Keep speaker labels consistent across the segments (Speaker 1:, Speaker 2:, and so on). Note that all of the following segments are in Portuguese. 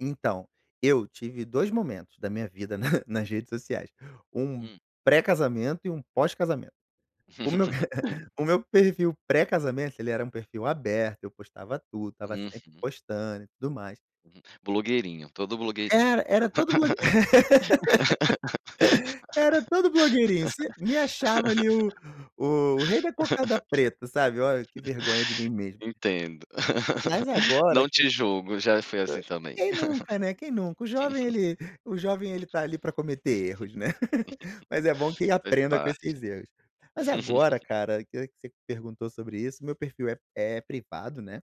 Speaker 1: Então, eu tive 2 momentos da minha vida na nas redes sociais, um
Speaker 2: Hum.
Speaker 1: pré-casamento e um pós-casamento. O meu, o meu perfil pré-casamento ele era um perfil aberto, eu postava tudo, estava sempre
Speaker 2: Uhum.
Speaker 1: postando e tudo mais.
Speaker 2: Hum, blogueirinho, todo blogueirinho.
Speaker 1: Era era todo blogue Era todo blogueirinho, você me achava ali o o rei da cocada preta, sabe. Olha que vergonha de mim mesmo.
Speaker 2: Entendo.
Speaker 1: Mas agora
Speaker 2: Não
Speaker 1: que
Speaker 2: te julgo, já fui assim também.
Speaker 1: Quem nunca né, quem nunca. O jovem ele o jovem ele tá ali para cometer erros, né. Mas é bom que
Speaker 2: Faz
Speaker 1: aprenda com
Speaker 2: parte.
Speaker 1: esses erros. Mas agora cara, que que você me perguntou sobre isso, meu perfil é é privado, né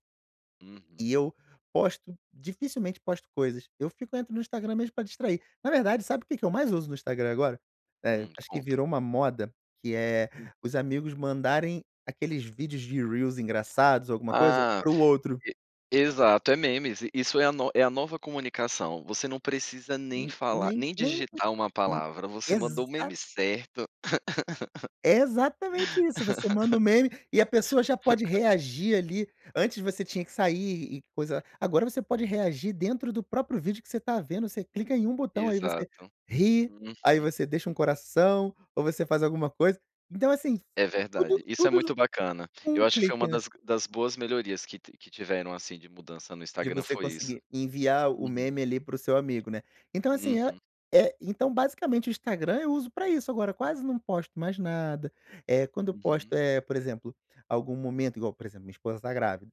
Speaker 2: Uhum.
Speaker 1: e eu posto, dificilmente posto coisas, eu fico entro no Instagram
Speaker 2: Uhum.
Speaker 1: mesmo para distrair. Na verdade, sabe o que que eu mais uso no Instagram agora? Eh,
Speaker 2: Hum,
Speaker 1: acho que
Speaker 2: conta.
Speaker 1: virou uma moda, que é
Speaker 2: Hum.
Speaker 1: os amigos mandarem aqueles vídeos de reels engraçados ou alguma coisa,
Speaker 2: Ah,
Speaker 1: para o outro.
Speaker 2: e exato é memes, isso é a no é a nova comunicação, você não precisa nem
Speaker 1: Hum,
Speaker 2: falar,
Speaker 1: nem
Speaker 2: nem
Speaker 1: nem,
Speaker 2: digitar uma
Speaker 1: hum,
Speaker 2: palavra, você mandou o
Speaker 1: exa
Speaker 2: meme certo.
Speaker 1: É exatamente isso, você manda um meme e a pessoa já pode reagir ali. Antes você tinha que sair e coisa agora você pode reagir dentro do próprio vídeo que você está vendo. Você clica em uma botão aí você
Speaker 2: Exato.
Speaker 1: ri, aí
Speaker 2: Uhum.
Speaker 1: você deixa um coração, ou você faz alguma coisa. Então, assim,
Speaker 2: É
Speaker 1: tudo
Speaker 2: verdade, isso é
Speaker 1: tudo no
Speaker 2: muito bacana.
Speaker 1: com
Speaker 2: Eu
Speaker 1: um
Speaker 2: acho que foi
Speaker 1: clique,
Speaker 2: uma
Speaker 1: né.
Speaker 2: das das boas melhorias que ti que tiveram assim de mudança no
Speaker 1: De
Speaker 2: Instagram
Speaker 1: você
Speaker 2: foi isso.
Speaker 1: conseguir enviar o
Speaker 2: Uhum.
Speaker 1: meme ali para o seu amigo, né. Então assim, é
Speaker 2: Uhum.
Speaker 1: é então basicamente o Instagram eu uso para isso. Agora quase não posto mais nada. Eh, quando eu posto,
Speaker 2: Uhum.
Speaker 1: eh, por exemplo, algum momento igual, por exemplo minha esposa tá grávida.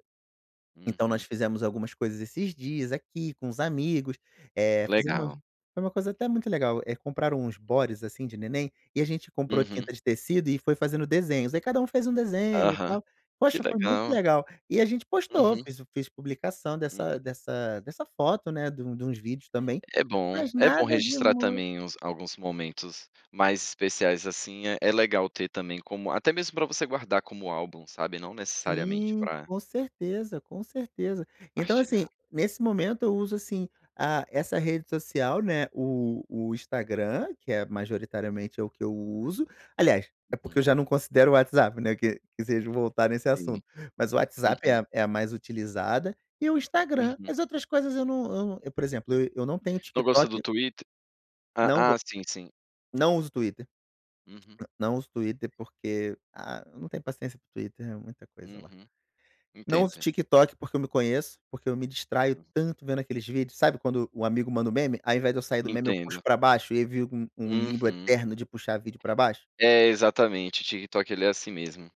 Speaker 1: Então nós
Speaker 2: Uhum.
Speaker 1: fizemos algumas coisas esses dias aqui com os amigos, eh,
Speaker 2: Que
Speaker 1: fizemos
Speaker 2: legal.
Speaker 1: umas foi uma coisa até muito legal, eh, compraram uns bodies, assim, de neném, e a gente comprou
Speaker 2: Uhum.
Speaker 1: tinta de tecido e foi fazendo desenhos. Aí cada um fez um desenho e
Speaker 2: Aham,
Speaker 1: tal.
Speaker 2: que
Speaker 1: Poxa, foi muito
Speaker 2: legal.
Speaker 1: legal. E a gente postou,
Speaker 2: Uhum.
Speaker 1: fez fiz publicação
Speaker 2: Uhum.
Speaker 1: dessa dessa dessa foto, né, de um de uns vídeos também.
Speaker 2: É bom,
Speaker 1: Mas
Speaker 2: é bom
Speaker 1: nada de
Speaker 2: registrar
Speaker 1: mui
Speaker 2: também uns alguns momentos mais especiais, assim, é é legal ter também como até mesmo para você guardar como álbum, sabe, não necessariamente
Speaker 1: Sim,
Speaker 2: para
Speaker 1: com certeza, com certeza. Então, assim,
Speaker 2: partilhar.
Speaker 1: nesse momento eu uso, assim, a essa rede social, né, o o Instagram, que é majoritariamente é o que eu uso, aliás, é porque eu
Speaker 2: Uhum.
Speaker 1: já não considero o WhatsApp, né, que que seja voltar nesse
Speaker 2: Sim.
Speaker 1: assunto, mas o WhatsApp é
Speaker 2: Uhum.
Speaker 1: a é a mais utilizada e o Instagram,
Speaker 2: Uhum.
Speaker 1: as outras coisas eu não eu não eu, por exemplo, eu eu não tenho
Speaker 2: Não gosta do
Speaker 1: TikTok.
Speaker 2: Twitter. Ah
Speaker 1: Não
Speaker 2: ah,
Speaker 1: go
Speaker 2: sim, sim.
Speaker 1: Não uso Twitter.
Speaker 2: Uhum.
Speaker 1: Não uso Twitter, porque, ah, eu não tenho paciência para o Twitter, é muita coisa lá.
Speaker 2: Uhum.
Speaker 1: Não uso
Speaker 2: Entendo.
Speaker 1: TikTok porque eu me conheço, porque eu me distraio
Speaker 2: Hum.
Speaker 1: tanto vendo aqueles vídeos, sabe, quando o amigo manda um meme, ao invés de eu sair do meme eu puxo
Speaker 2: Entendo.
Speaker 1: para baixo, e aí vivo um um limbo
Speaker 2: Uhum.
Speaker 1: eterno de puxar vídeo para baixo.
Speaker 2: É, exatamente, TikTok ele é assim mesmo.